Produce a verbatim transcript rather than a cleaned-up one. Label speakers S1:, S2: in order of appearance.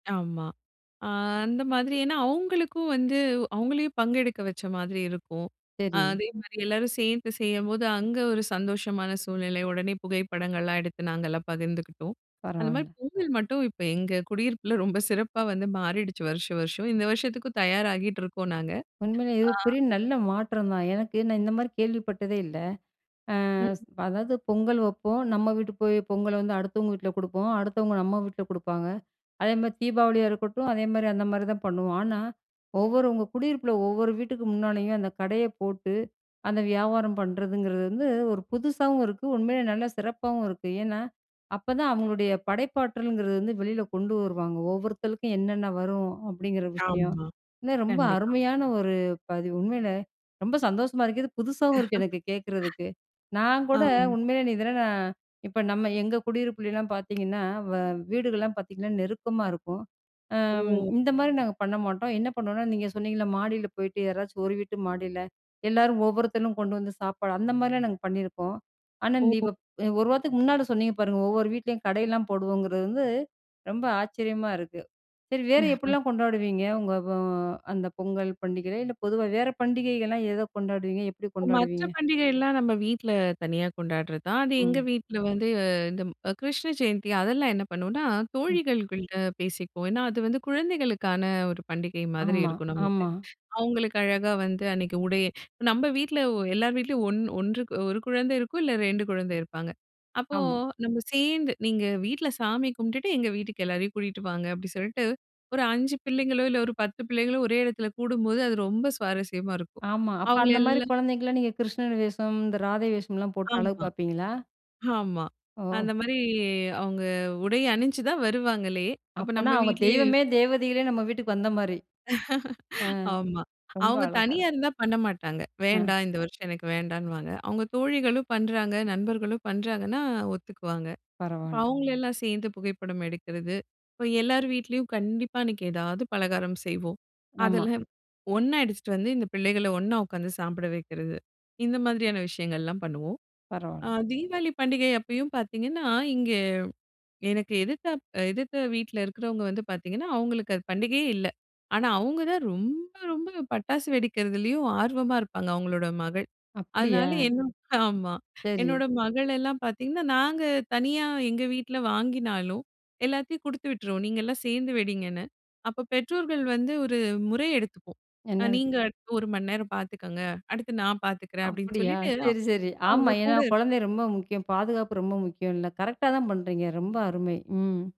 S1: ஆமா. அ அந்த மாதிரி, ஏன்னா, அவங்களுக்கும் வந்து அவங்களையும் பங்கெடுக்க வச்ச மாதிரி இருக்கும். அ,
S2: சரி.
S1: அதே மாரி எல்லாரும் சேர்ந்து செய்யும்போது அங்க ஒரு சந்தோஷமான சூழ்நிலை உடனே புகைப்படங்கள்லாம் எடுத்து நாங்கலாம் பகிர்ந்துக்கிட்டோம். அந்த மாரி
S2: பரவால்ல.
S1: பொங்கல் மட்டும் இப்ப எங்க குடியிருப்புல ரொம்ப சிறப்பா வந்து மாறிடுச்சி வருஷம் வருஷம். இந்த வருஷத்துக்கும் தயாராகிட்டு இருக்கோம் நாங்க.
S2: உண்மையிலே, இது
S1: ஆ
S2: பெரிய நல்ல மாற்றம் தான். எனக்கு, நான் இந்த மாரி கேள்விப்பட்டதே இல்ல. அ,
S1: ம்.
S2: அதாவது பொங்கல் வப்போம், நம்ம வீட்டு போய் பொங்கல வந்து அடுத்தவங்க வீட்ல கொடுப்போம், அடுத்தவங்க நம்ம வீட்ல கொடுப்பாங்க. அதே மாரி தீபாவளியா இருக்கட்டும், அதே மாரி அந்த மாரி தான் பண்ணுவோம். ஆனா, ஒவ்வொருவங்க குடியிருப்புல ஒவ்வொரு வீட்டுக்கு முன்னாலயும் அந்த கடைய போட்டு, அந்த வியாபாரம் பண்றதுங்கிறது வந்து ஒரு புதுசாவும் இருக்கு, உண்மையிலே நல்ல சிறப்பாவும் இருக்கு. ஏன்னா, அப்பதான் அவங்களுடைய படைப்பாற்றல்ங்கிறது வந்து வெளில கொண்டு வருவாங்க, ஒவ்வொருத்தருக்கும் என்னென்ன வரும் அப்டிங்கிற விஷயம்.
S1: ஆமா.
S2: இன்னும் ரொம்ப
S1: கண்டிப்பா.
S2: அருமையான ஒரு பதிவு. உண்மையிலே, ரொம்ப சந்தோஷமா இருக்கு, இது புதுசாவும் இருக்கு எனக்கு கேட்கிறதுக்கு. நான் கூட
S1: ஆமா.
S2: உண்மையிலே நீ இதெல்லாம் நான் இப்போ நம்ம எங்க குடியிருப்புலலாம் பார்த்தீங்கன்னா, வ வீடுகள்லாம் பார்த்தீங்கன்னா நெருக்கமா இருக்கும். அம்
S1: ஓ!
S2: இந்த மாதிரி நாங்க பண்ண மாட்டோம். என்ன பண்ணுவோம்னா நீங்க சொன்னீங்கள்ல, மாடியில போயிட்டு யாராச்சும் ஒரு வீட்டு மாடியில எல்லாரும் ஒவ்வொருத்தனும் கொண்டு வந்து சாப்பாடு அந்த மாரிலாம் நாங்க பண்ணியிருக்கோம். ஆனா, நீ
S1: ஓ!
S2: இப்ப ஒரு வாரத்துக்கு முன்னாடி சொன்னிங்க பாருங்க, ஒவ்வொரு வீட்லயும் கடைலாம் போடுவோங்கிறது வந்து, ரொம்ப ஆச்சரியமா இருக்கு. சரி வேறு
S1: ஆ.
S2: எப்டிலாம் கொண்டாடுவீங்க? உங்க அ, அந்த பொங்கல் பண்டிகையில, இல்ல பொதுவா வேற பண்டிகைகள்லாம் எத கொண்டாடுவீங்க? எப்படி
S1: மற்ற
S2: கொண்டாடுவீங்க?
S1: பண்டிகைலாம் நம்ம வீட்ல, தனியா கொண்டாடுறது தான். அது எங்க
S2: ம்.
S1: வீட்ல வந்து இந்த கிருஷ்ண ஜெயந்தி அதெல்லாம் என்ன பண்ணுவோம்னா,
S2: ம்.
S1: தோழிகள்குள்ள பேசிக்குவோம். ஏன்னா, அது வந்து குழந்தைகளுக்கான ஒரு பண்டிகை மாதிரி
S2: ஆமா,
S1: இருக்கணுமுட்டு.
S2: ஆமா.
S1: அவங்களுக்கு அழகா வந்து அன்னிக்கு உடைய நம்ம வீட்ல எல்லார் வீட்லயும் ஒன் ஒன்றுக்கு ஒரு குழந்தை இருக்கும் இல்ல ரெண்டு குழந்தை இருப்பாங்க. அப்போ
S2: ஆமா.
S1: நம்ம சேர்ந்து நீங்க வீட்ல சாமி கும்புட்டுட்டு, எங்க வீட்டுக்கு எல்லாரையும் கூட்டிட்டு வாங்க அப்டின்னு சொல்லிட்டு, ஒரு அஞ்சு பிள்ளைங்களோ, இல்ல பத்து ஒரு பிள்ளைங்களோ ஒரே எடத்துல கூடும்போது, அது ரொம்ப சுவாரஸ்யமா இருக்கும்.
S2: ஆமா. அப்ப,
S1: அவங்கள
S2: அந்த மாரி
S1: எல்லாம்
S2: குழந்தைங்கலாம், நீங்க கிருஷ்ணன் வேஷம், இந்த ராதை வேஷம்லாம் போட்டு அழகு
S1: ஆமா,
S2: பார்ப்பீங்களா?
S1: ஆமா.
S2: ஓ!
S1: அந்த மாரி அவங்க உடை அணிஞ்சு தான் வருவாங்களே. அப்போ
S2: அப்பன்னா,
S1: நம்ம
S2: அவங்க
S1: வீட்லயே
S2: தெய்வமே, தேவதைகளே நம்ம வீட்டுக்கு வந்த மாரி. ஆ.
S1: ஆமா.
S2: ரொம்ப
S1: அவங்க
S2: அழகா
S1: தனியா
S2: இருக்கு.
S1: இருந்தா பண்ண மாட்டாங்க.
S2: ஆ.
S1: வேண்டா இந்த வருஷம் எனக்கு வேண்டான்னுவாங்க. அவங்க தோழிகளும் பண்றாங்க, நண்பர்களும் பண்றாங்கன்னா ஒத்துக்குவாங்க.
S2: பரவால்ல.
S1: அவங்கள எல்லாம் சேர்ந்து புகைப்படம் எடுக்கிறது, அப்ப எல்லார் வீட்லயும் கண்டிப்பா அன்னைக்கு ஏதாவது பலகாரம் செய்வோம்.
S2: ஆமா.
S1: அதெல்லாம் ஒண்ணா எடுத்துட்டு வந்து இந்த பிள்ளைகள ஒண்ணா உக்காந்து சாப்பிட வெக்கிறது, இந்த மாதிரியான விஷயங்கள்லாம் பண்ணுவோம். அ,
S2: பரவால்ல.
S1: தீவாளி பண்டிகை அப்பயும் பார்த்தீங்கன்னா, இங்க எனக்கு எதிர்த்தாப் எதிர்த்த வீட்ல இருக்கிறவங்க வந்து பார்த்தீங்கன்னா, அவங்களுக்கு அது பண்டிகையே இல்ல. ஆனா, அவங்க தான் ரொம்ப ரொம்ப பட்டாசு வெடிக்கிறதுலயும் ஆர்வமா இருப்பாங்க, அவங்களோட மகள்.
S2: அப்பிடியா?
S1: அதனால என்ன ஆமா.
S2: சரி.
S1: என்னோட மகளெல்லாம் பார்த்தீங்கன்னா, நாங்க தனியா எங்க வீட்ல வாங்கினாலும் எல்லாத்தையும் குடுத்து விட்டுற்றுவோம், நீங்கலாம் சேர்ந்து வெடிங்கன்னு. அப்ப பெற்றோர்கள் வந்து ஒரு முறை எடுத்துப்போம்.
S2: என்னா இது?
S1: நீங்க அடுத்து ஒரு மணிநேரம் பார்த்துக்கோங்க. அடுத்து நான் பார்த்துக்குறேன் அப்படின்னு
S2: அப்படியா?
S1: சொல்லிட்டு,
S2: சரி, சரி, ஆமா.
S1: அவங்க
S2: ஏன்னா,
S1: கூட இருப்போம்.
S2: குழந்தை ரொம்ப முக்கியம், பாதுகாப்பு ரொம்ப முக்கியம்ல. கரெக்ட்டா தான் பண்றீங்க ரொம்ப அருமை! ம்.